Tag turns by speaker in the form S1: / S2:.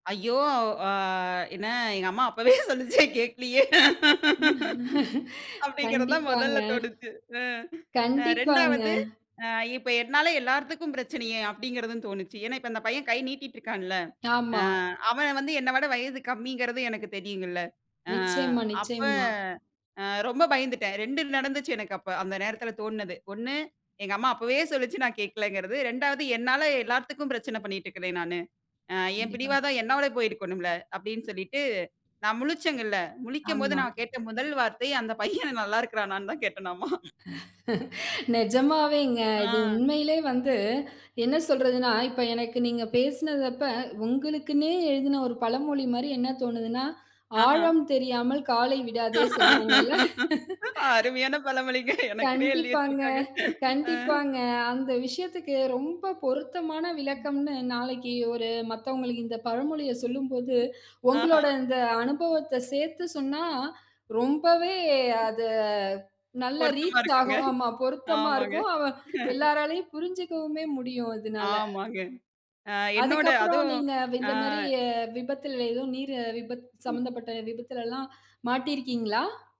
S1: ஐயோ! அ என்ன எங்க அம்மா அப்பவே சொன்னுச்சு கேட்கலயே! அப்பிடிங்கிறது தான்
S2: கண்டிப்பாங்க.
S1: முதல்ல தோணுச்சு. அ. ஆ
S2: கண்டிப்பாங்க.
S1: 2 வது அ இப்ப என்னால எல்லார்த்துக்கும் பிரச்சனையே! அப்பிடிங்கிறதும் தோணுச்சு. ஏன்னா, இப்ப அந்த பையன் கை நீட்டிட்டு இருக்கான்ல்ல. அ
S2: ஆமா.
S1: அவன் வந்து என்ன விட வயது கம்மிங்கிறதும் எனக்கு தெரியும்ங்கல்ல. அ
S2: நிச்சயமா,
S1: அப்ப
S2: நிச்சயமா.
S1: அ ரொம்ப பயந்துட்டேன். 2 நடந்துச்சு எனக்கு அப்ப அந்த நேரத்தில தோணுனது. 1 எங்க அம்மா அப்பவே சொல்லுச்சு நான் கேட்கிலங்கிறது 2 வது என்னால எல்லாத்துக்கும் பிரச்சனை பண்ணிக்கிட்டு இருக்கேன் நானு. அ என்
S2: கண்டிப்பா.
S1: பிடிவாதம் என்னோட போயிருக்கணும்ல்ல. அப்பிடின்னு சொல்லிட்டு நான் முழிச்சேன்ல முழிக்கும்போது
S2: ஆமா.
S1: நான் கேட்ட முதல் வார்த்தை அந்த பையன் நல்லா இருக்குறானான்னு தான் கேட்டனாமா
S2: நிஜமாவேங்க. இது
S1: ஆ.
S2: உண்மையிலே வந்து என்ன சொல்றதுன்னா, இப்ப எனக்கு நீங்க பேசினது அப்ப உங்களுக்குன்னே எழுதின ஒரு பழமொழி மாரி என்ன தோணுதுன்னா
S1: ஆஹா.
S2: "ஆழம் தெரியாமல் காலை விடாதே" சொல்வாங்கல்ல
S1: அருமையான பழமொழிங்க. எனக்குன்னே எழுதி
S2: கண்டிப்பாங்க,
S1: வச்சுருக்காங்க. அ.
S2: கண்டிப்பாங்க. அந்த விஷயத்துக்கு ரொம்ப பொருத்தமான
S1: ம்.
S2: விளக்கம்ன்னு நாளைக்கு ஒரு மத்தவங்களுக்கு இந்த பழமொழிய சொல்லும்போது,
S1: ஆஹா.
S2: உங்களோட இந்த அனுபவத்த சேர்த்து சொன்னா ரொம்பவே அது நல்லா
S1: பொருத்தமா
S2: ரீச்
S1: இருக்குங்க.
S2: ஆகும். ஆமா பொருத்தமா
S1: ஆமாங்க.
S2: இருக்கும். அவ எல்லோராலும் புரிஞ்சுக்கவுமே முடியும். அதுனால.
S1: ஆமாங்க. அ என்னோட
S2: அதுக்கப்பறம்
S1: அதுவும்
S2: நீங்க
S1: ஆ.
S2: இந்தமாரி அ விபத்தில் ஏதோ நீர் விபத்து
S1: ம்.
S2: சம்பந்தப்பட்ட விபத்திலல்லாம் மாட்டி இருக்கீங்களா?